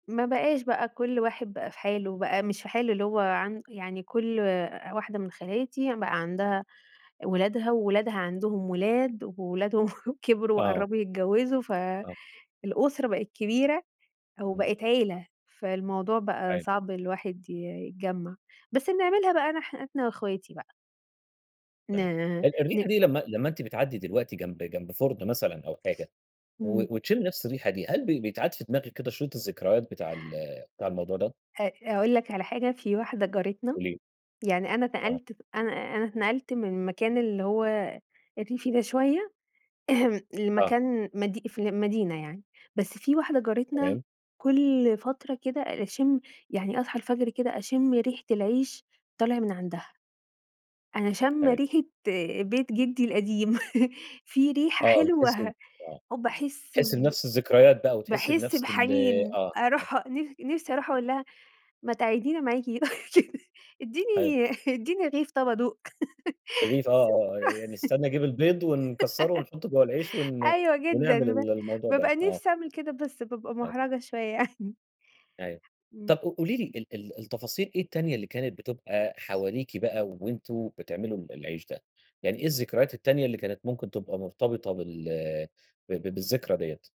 ما بقاش بقى كُلّ واحد بقى في حاله، بقى مش في حاله اللي هو عن يعني كُلّ واحدة من خالاتي بقى عندها ولادها، وولادها عندهم ولاد، وولادهم كبروا آه. وقرّبوا يتجوزوا، آه. فالأسرة بقت كبيرة إمم. وبقت عيلة، فالموضوع بقى أيوة. صعب الواحد ي يتجمّع، بس بنعملها بقى أنا إحنا وأخواتي بقى. ن طيب، ال ن الريحة دي لمّا لمّا أنتِ بتعدي دلوقتي جنب جنب فُرن مثلًا أو حاجة، إمم. و وتشمّي نَفس الريحة دي، هل بي بيتعاد في دماغِك كده شريط الذكريات بتاع ال بتاع الموضوع ده؟ أ أقول لك على حاجة، في واحدة جارتنا قولي لي. يعني أنا آه. نقلت أنا أنا اتنقلت من المكان اللي هو الريفي ده شوية آه. لمكان مدي في المدينة يعني. بس في واحدة جارتنا تمام. كُلّ فترة كده أ أشِم يعني أصحى الفجر كده أشِم ريحة العيش طالع من عندها. أنا شامّة أيوه. ريحة بيت جدي القديم في ريحة آه بتحسي حلوة، آه، وباحس بتحسي ب بنَفس الذكريات بقى وتحسي باحس بنَفس ال بحنين، آه، آه. أروح نِف نِفسي أروح أقول لها ما تقعدينا معاكِ ح اديني اديني رغيف طَب ادوق. [unintelligible] رغيف آه آه يعني استنى أجيب البيض ونكسّره ونحطه جوا العيش ون أيوه جدًا، ونعمل ب ال الموضوع ده، بابقى آه. نِفسي أعمل كده، بس بابقى أ مُحرجة شوية يعني. أيوه، إمم. طَب ق قولي لي ال ال التفاصيل إيه التانية اللي كانت بتبقى حواليكِ بقى وأنتم بتعملوا ال العيش ده؟ يعني إيه الذكريات التانية اللي كانت ممكن تبقى مرتبطة بال ب ب بالذكرى ديَّة؟